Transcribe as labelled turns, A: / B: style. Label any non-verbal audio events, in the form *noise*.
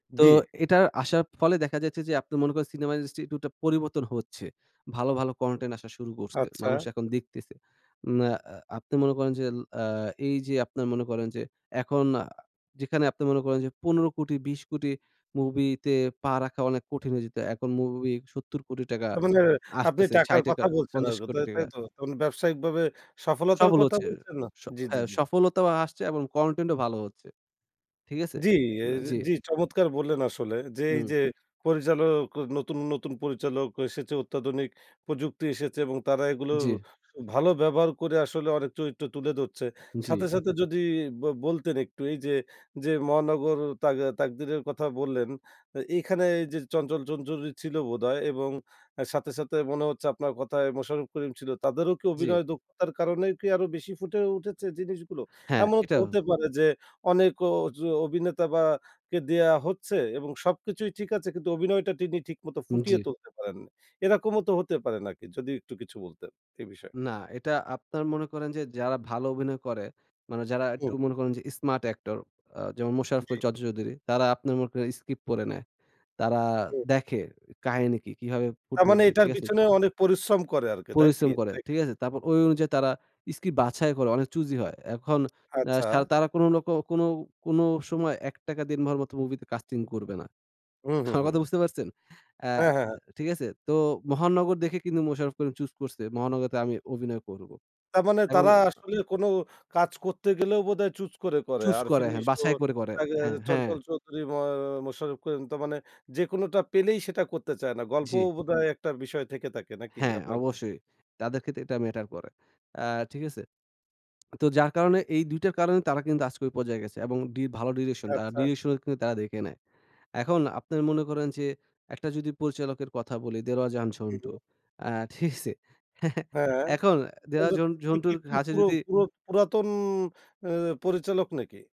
A: তো
B: জি।
A: এটার আসার ফলে দেখা যাচ্ছে যে আপনি মনে করেন, Cinema industry টু টা পরিবর্তন হচ্ছে। ভালো, ভালো Content আসা শুরু করছে।
B: আচ্ছা।
A: মানুষ এখন দেখতেছে। উম আ, আ আপনি মনে করেন যেল আ এইযে আপনারা মনে করেন যে এখন আ যেখানে আপনি মনে করেন যে 15, 20 মুভিতে পা রাখা অনেক কঠিন হয়ে যেত। এখন মুভি 70 টাকা
B: তার মানে আপনি
A: আসতেছে, ছাই
B: টাকার
A: টাকা
B: কথা বলছেন
A: পঞ্চাশ
B: আরো,
A: কোটি
B: তাই, তাই
A: টাকা।
B: তো? তা মানে ব্যাবসায়িকভাবে সফলতার
A: সফল
B: কথা
A: হচ্ছে।
B: বলছেন না?
A: স
B: জি, জি,
A: হ্যাঁ,
B: জি।
A: সফলতাও আসছে এবং Content ও ভালো হচ্ছে। ঠিক আছে?
B: জি এর
A: অ্যা জি।
B: জি, চমৎকার বললেন আসলে যে,
A: হুম।
B: এইযে পরিচালক ক নতুন, নতুন পরিচালক এসেছে, অত্যাধুনিক প্রযুক্তি এসেছে। এবং তারা এগুলো
A: জি।
B: ভালো ব্যবহার করে আসলে অনেক চরিত্র তুলে ধরছে।
A: জি।
B: সাথে, সাথে যদি বল বলতেন একটু এইযে, যে মহানগর, তাক তাকদিরের কথা বললেন, এ এখানে এইযে চঞ্চল-চঞ্চল চৌধুরী ছিল বোধহয় এবং সাথে, সাথে মনে হচ্ছে আপনার কথায় মোশাররফ করিম ছিল। তাদেরও কি
A: জি।
B: অভিনয় দক্ষতার কারণে কি আরো বেশি ফুটে উঠেছে জিনিসগুলো?
A: হ্যাঁ,
B: এমনও তো
A: এটাও।
B: হতে পারে যে, অনেক ওজো অভিনেতা বা কে দেয়া হচ্ছে এবং সবকিছুই ঠিক আছে কিন্তু অভিনয়টা তিনি ঠিকমত ফুটিয়ে
A: জি।
B: তুলতে পারেন না। এরকমও তো হতে পারে নাকি? যদি একটু কিছু বলতেন এই বিষয়ে।
A: না, এটা আপনারা মনে করেন যে যারা ভালো অভিনয় করে, মানে যারা
B: হু।
A: একটু মনে করেন যে Smart actor আ যেমন "মোশারফ করিম,"
B: জি।
A: "চঞ্চল চৌধুরী।" তারা আপনার মনে করেন স্কিপ পরে নেয়। তারা
B: হু, হু।
A: দেখে কাহিনী কি? কিভাবে
B: তার
A: ফুটে
B: মানে
A: উঠবে,
B: এটার
A: ঠিক আছে?
B: পিছনে অনেক পরিশ্রম করে আরকি, তাই কি?
A: পরিশ্রম করে।
B: তাই কে
A: ঠিক আছে? তারপর ওই অনুযায়ী তারা স্ক্রিপট বাছাই করে। অনেক চুজি হয়। এখন অ্যা
B: আচ্ছা।
A: সা তারা কোন রক কোন, কোন সময় "এক টাকা দেনমহর" মত মুভিতে কাস্টিং করবে না।
B: হুম,
A: *chuckles*
B: হুম,
A: আমার কথা
B: হুম।
A: বুঝতে পারছেন? অ্যা
B: হ্যাঁ, হ্যাঁ, হ্যাঁ।
A: ঠিক আছে? তো "মহানগর" দেখে কিন্তু মোশাররফ করিম চুজ করছে "মহানগরতে আমি অভিনয় করবো।"
B: তার মানে
A: এবং
B: তারা
A: আ
B: আসলে কোন কাজ করতে গেলেও বোধহয় চুজ করে, করে।
A: চুজ করে।
B: আরেফিন
A: হ্যাঁ,
B: নিশো,
A: বাছাই করে, করে।
B: আ
A: হ্যাঁ, হ্যাঁ।
B: চঞ্চল চৌধুরী, মুয়া মোশারফ করিম তা মানে যেকোনটা পেলেই সেটা করতে চায় না। গল্পও
A: জি।
B: বোধহয় ১ টা বিষয় থেকে থাকে নাকি
A: হ্যাঁ,
B: আপনার মতো?
A: অবশ্যই। তাদের ক্ষেত্রে এটা ম্যাটার করে। আ ঠিক আছে? তো যার কারণে এই ২ টার কারণে তারা কিন্তু আজকে ঐ পর্যায়ে গেছে এবং ডি ভালো direction তারা
B: আচ্ছা।
A: direction কিন্তু তারা দেখে নেয়। এখন আপনের মনে করেন যে ১ টা যদি পরিচালকের কথা বলি "দেলোয়ার জাহান
B: হু,
A: ঝন্টু।"
B: হু।
A: অ্যা ঠিকছে? *chuckles*
B: হ্যাঁ,
A: এখন অ্যা দেলোয়ার
B: *unintelligible*
A: ঝন
B: উনি কি
A: ঝন্টুর
B: একটু
A: কাছে
B: পুরো,
A: যদি
B: পুরো পুরাতন অ্যা পরিচালক নাকি?